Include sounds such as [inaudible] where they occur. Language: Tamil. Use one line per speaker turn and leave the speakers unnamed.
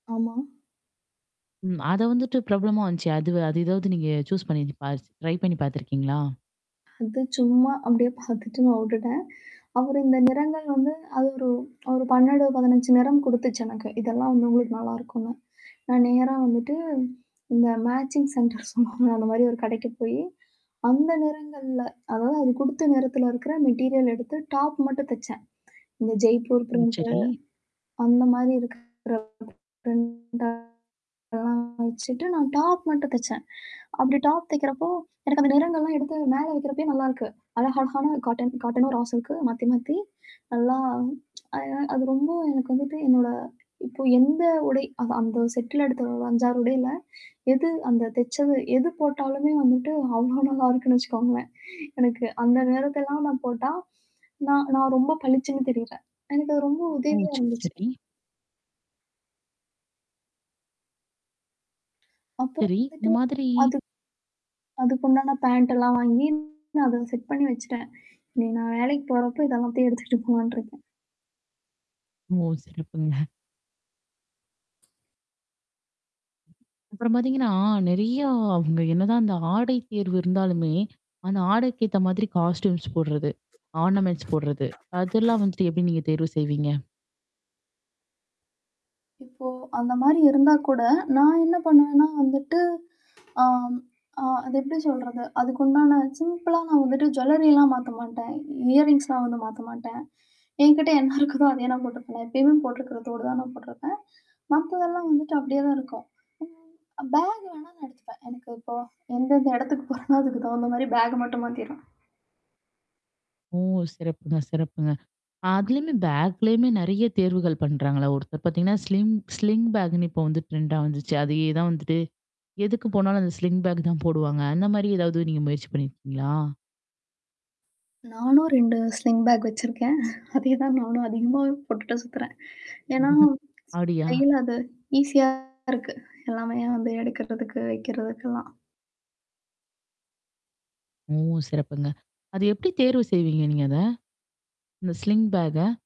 ஆமா.
ம், அத வந்துட்டு ப்ராப்ளம் வந்துச்சு. அது, அது ஏதாவது நீங்க சூஸ் பண்ணி பாஸ் ட்ரை பண்ணி பாத்துருக்கீங்களா?
அது சும்மா, அப்பிடியே பாத்துட்டு நான் வுட்டுட்டேன். அவரு இந்த நிறங்கள் வந்து, அது ஒரு ஒரு 12, 15 நிறம் குடுத்துச்சு எனக்கு. இதெல்லாம் வந்து உங்களுக்கு நல்லா இருக்குன்னு. நான் நேரா வந்துட்டு, இந்த மேட்சிங் சென்டர் சொல்வாங்கல்ல. அந்த மாரி ஒரு கடைக்குப் போயி, அந்த நிறங்கள்ல அதாவது அது குடுத்த நிறத்துல இருக்கிற மெட்டிரியல் எடுத்து டாப் மட்டும் தெச்சேன். இந்த ஜெய்ப்பூர்
ம்.
ப்ரிண்ட்
சரி.
அந்தமாரி இருக்கிற ப்ரிண்ட் எல்லாம் வச்சிட்டு நான் டாப் மட்டும் தெச்சேன். அப்பிடி டாப் தெக்கிறப்போ, எனக்கு அந்த நிறங்கள் எல்லாம் எடுத்து மேல வைக்கிறப்பயே நல்லா இருக்கு. அழகா அழகான காட்டன், காட்டன்னும் ரா சில்க் மாத்தி மாத்தி. நல்லா. [tsk] அது ரொம்ப, எனக்கு வந்துட்டு என்னோட இப்போ எந்த உடை அந்த செட்ல எடுத்த 5, 6 உடைல. எது அந்த தெச்சது எது போட்டாலுமே வந்துட்டு அவ்ளோ நல்லா இருக்குன்னு வச்சுக்கோங்களேன். எனக்கு அந்த நிறத்த எல்லாம் நான் போட்டா, நான் நான் ரொம்ப பளிச்சுன்னு தெரியறேன். எனக்கு ரொம்ப
ஓ!
உதவியா
சரி.
இருந்துச்சு.
சரி.
அப்புறம்
சரி. இந்த
வந்துட்டு,
மாதிரி
அது அதுக்குண்டான பேண்ட் எல்லாம் வாங்கி, அத செட் பண்ணி வச்சிட்டேன். இனி நான் வேலைக்குப் போறப்போ இதெல்லாம் எடுத்துட்டு போலாண்ட்டு இருக்கேன்.
ஓ! சிறப்புங்க. அப்புறம் பாத்தீங்கன்னா, நிறைய அவுங்க என்னதான் அந்த ஆடை தேர்வு இருந்தாலுமே, அந்த ஆடைக்கு ஏத்த மாதிரி காஸ்டுயூம்ஸ் போடுறது, ஆர்னமெண்ட்ஸ் போடுறது, அதெல்லாம் வந்துட்டு எப்பிடி நீங்கத் தேர்வு செய்வீங்க?
இப்போ அந்தமாரி இருந்தாக்கூட, நான் என்ன பண்ணுவேன்னா வந்துட்டு ஆம் அ. அது எப்பிடி சொல்றது? அதுக்குண்டான சிம்பிளா நான் வந்துட்டு ஜுவெல்லரி எல்லாம் மாத்தமாட்டேன். இயர்ரிங்ஸ்லாம் வந்து மாத்தமாட்டேன். என்கிட்ட என்ன இருக்குதோ அதையே நான் போட்டுக்குவேன். நான் எப்பவுமே போட்டுக்கிற தோடு தான் போட்டுருப்பேன். மத்ததெல்லாம் வந்துட்டு அப்பிடியேதான் இருக்கும். ம் அ பேக் வேணா நான் எடுத்துப்பேன். எனக்கு இப்போ, எந்தெந்த இடத்துக்கு போறனோ அதுக்கு தகுந்த மாரி பேக் மட்டும் மாத்திருவேன்.
ஓ! சிறப்புங்க, சிறப்புங்க! அதுலயும் பேக்லயுமே நிறைய தேர்வுகள் பண்றாங்களே. ஒருத்தர் பாத்தீங்கன்னா, ஸ்லிங் ஸ்லிங் பேக் இப்ப வந்து ட்ரெண்டா வந்துச்சு. அதே தான் வந்துட்டு. எதுக்கு போனாலும் அந்த ஸ்லிங் பேக் தான் போடுவாங்க. அந்த மாதிரி ஏதாவது நீங்க முயற்சி பண்ணி இருக்கீங்களா?
நானும் 2 ஸ்லிங் பேக் வெச்சுருக்கேன். [chuckles] அதே தான் நானும் அதிகமாவே போட்டுட்டு சுத்துறேன். ஏன்னா,
[chuckles] அப்பிடியா?
கையில அது ஈஸியா இருக்கு. எல்லாமே வந்து எடுக்குறத்துக்கு, வெக்கிறத்துக்கு எல்லாம்.
ஓ! சிறப்புங்க. அது எப்பிடி தேர்வு செய்வீங்க நீங்க அத? அந்த ஸ்லிங் பேக்க?